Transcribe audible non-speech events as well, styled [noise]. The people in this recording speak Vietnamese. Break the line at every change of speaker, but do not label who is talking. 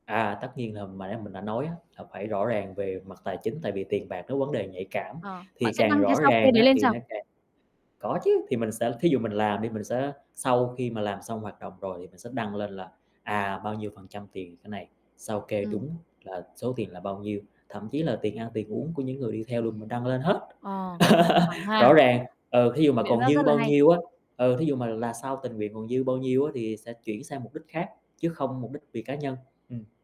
À, tất nhiên là mà nãy mình đã nói á, là phải rõ ràng về mặt tài chính, tại vì tiền bạc nó vấn đề nhạy cảm,
Ờ, bạn
thì
sẽ
càng
đăng cái
rõ
sao kê
ràng
đấy
á,
lên
thì
sao?
nó càng có chứ, thì mình sẽ thí dụ mình làm đi mình sẽ sau khi mà làm xong hoạt động rồi thì mình sẽ đăng lên là, à, bao nhiêu phần trăm tiền cái này, sao kê
Ừm.
đúng là số tiền là bao nhiêu, thậm chí là tiền ăn, tiền uống của những người đi theo luôn mình đăng lên hết.
Ờ, sòng phẳng
[laughs]
ha.
Rõ ràng, ừ, thí dụ mà
Biện
còn
pháp
dư
rất là
bao
hay.
nhiêu á, ừ, thí dụ mà là sau tình nguyện còn dư bao nhiêu á thì sẽ chuyển sang mục đích khác chứ không mục đích vì cá nhân, ừm.